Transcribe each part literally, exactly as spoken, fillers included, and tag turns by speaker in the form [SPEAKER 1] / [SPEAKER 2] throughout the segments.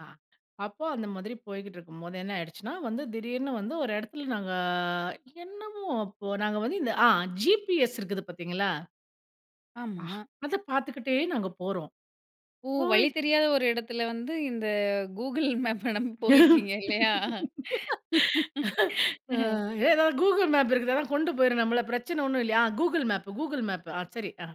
[SPEAKER 1] ஆ அப்போ அந்த மாதிரி போய்க்கிட்டு இருக்கும்போது என்ன ஆயிடுச்சுன்னா, வந்து திடீர்னு வந்து ஒரு இடத்துல நாங்க என்னமோ அப்போ நாங்க வந்து இந்த ஆ ஜிபிஎஸ் இருக்குது பார்த்தீங்களா?
[SPEAKER 2] ஆமா.
[SPEAKER 1] அத பார்த்துக்கிட்டே நாங்க போறோம்.
[SPEAKER 2] ஓ!
[SPEAKER 1] போய்
[SPEAKER 2] வழி தெரியாத ஒரு இடத்தில வந்து இந்த கூகுள் மேப் நம்ப போயிருக்கீங்க இல்லையா?
[SPEAKER 1] ஆ ஏதாவது கூகுள் மேப் இருக்குதாதான் கொண்டு போயிரும் நம்மள பிரச்சனை ஒன்னும் இல்லையா, ஆ கூகுள் மேப் கூகுள் மேப் ஆ சரி. அ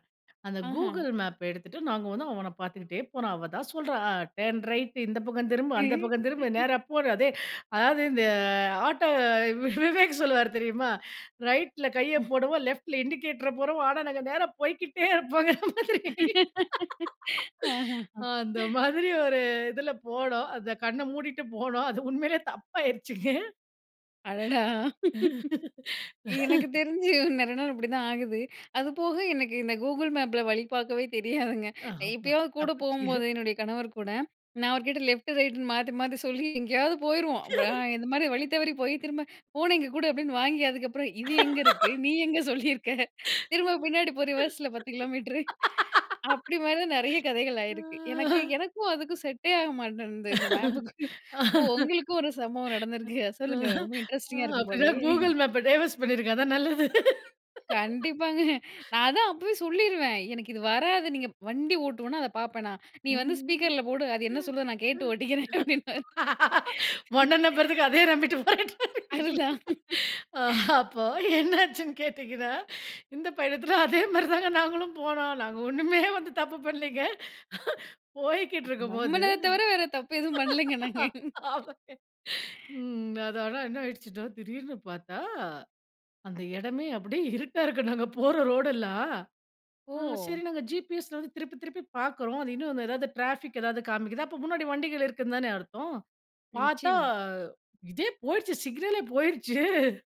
[SPEAKER 1] அந்த
[SPEAKER 2] ஆஹ!
[SPEAKER 1] கூகுள் மேப்ப எடுத்துட்டு நாங்க வந்து அவன பார்த்துக்கிட்டே போரான். அவ தான் சொல்றா அ டர்ன் ரைட் இந்த பக்கம் திரும்பு, அந்த பக்கம் திரும்ப நேரா போடு அதே அதாவது இந்த ஆட்டோ விவேக் சொல்லுவார் தெரியுமா ரைட்ல கைய போடுவோம் லெஃட்ல இண்டிகேட்டர போடுவோம் ஆனா, நாங்க நேரா போய்க்கிட்டே இருப்போங்கற மாதிரி
[SPEAKER 2] ஆஹ, ஹ்.
[SPEAKER 1] அந்த மாதிரி ஒரு இதுல போனோம் அந்த கண்ண மூடிட்டு போனோம். அது உண்மையிலேயே தப்பாயிருச்சிங்க.
[SPEAKER 2] அடடா! எனக்கு தெரிஞ்சு நெறைய நாள் அப்டிதான் ஆகுது. அது போக எனக்கு இந்த கூகுள் மேப்ல வழி பார்க்கவே தெரியாதுங்க.
[SPEAKER 1] அஹ
[SPEAKER 2] எப்பயாவது கூட
[SPEAKER 1] தப்பிச்சு
[SPEAKER 2] போம்போது என்னுடைய கணவர் கூட நான் அவர் கிட்ட லெஃப்ட் ரைட்ன்னு மாத்தி மாத்தி சொல்லி எங்கேயாவது போயிருவோம். அப்புறம் இந்த மாதிரி வழி தவறி போய் திரும்ப "போன இங்க கூடு" அப்டின்னு வாங்கி அதுக்கப்புறம் "இது எங்க இருக்கு நீ எங்க சொல்லியிருக்க? திரும்ப
[SPEAKER 1] ம்.
[SPEAKER 2] பின்னாடி போ ரிவர்ஸில பத்து கிலோமீட்டர்." அப்டி மாரி தான் நெறைய கதைகள் ஆயிருக்கு எனக்கு எனக்கும், அதுக்கும் செட்டே ஆக மாட்டேங்குது இந்த மேப்புக்கு. ஓ! உங்களுக்கும் ஒரு சம்பவம் நடந்திருக்கு சொல்லுங்க ரொம்ப இன்ட்ரஸ்டிங்கா இருக்கும்
[SPEAKER 1] அப்டினா
[SPEAKER 2] போலயே.
[SPEAKER 1] கூகுள் மேப் டைவோர்ஸ் பண்ணிருங்க. அதான் நல்லது.
[SPEAKER 2] கண்டிப்பாங்க. நான் அதான் அப்பவே சொல்லிருவேன் எனக்கு இது வராது. நீங்க வண்டி ஓட்டுவனா, அத பார்ப்பேனா நீ வந்து
[SPEAKER 1] ம்.
[SPEAKER 2] ஸ்பீக்கர்ல போடு அது என்ன சொல்லுதோ அத நான் கேட்டு ஓட்டிக்கிறேன் அப்டின்னுவாரு
[SPEAKER 1] உன்ன நம்பறதுக்கு அதே நம்பிட்டு போயிடுறேன். இல்லிங்களா.
[SPEAKER 2] அதுதான்.
[SPEAKER 1] அப்போ என்னாச்சுன்னு கேட்டிங்கனா, இந்த பயணத்துல அதே மாதிரி தாங்க நாங்களும் போனோம். நாங்க ஒண்ணுமே வந்து தப்பு பண்ணலைங்க போயிட்டு இருக்கும்போது.
[SPEAKER 2] நம்மள தவர வேற தப்பு எதுவும் பண்ணலங்க நாங்க.
[SPEAKER 1] ம். அது ஆனா, என்ன ஆயிடுச்சுன்னா திடீர்னு பார்த்தா, அந்த இடமே அப்டியே இருட்டா இருக்கு நாங்க போற ரோடெல்லாம். சரி
[SPEAKER 2] ஓ!
[SPEAKER 1] நாங்க ஜிபிஎஸ வந்து திருப்பி திருப்பி பார்க்குறோம். அது இன்னும் எதாவது டிராபிக் ஏதாவது காமிக்குது அப்ப முன்னாடி வண்டிகள் இருக்குதுன்னு தானே அர்த்தம் பார்த்தா,
[SPEAKER 2] நிச்சியமா.
[SPEAKER 1] இதே போயிருச்சு சிக்னலே போயிருச்சு.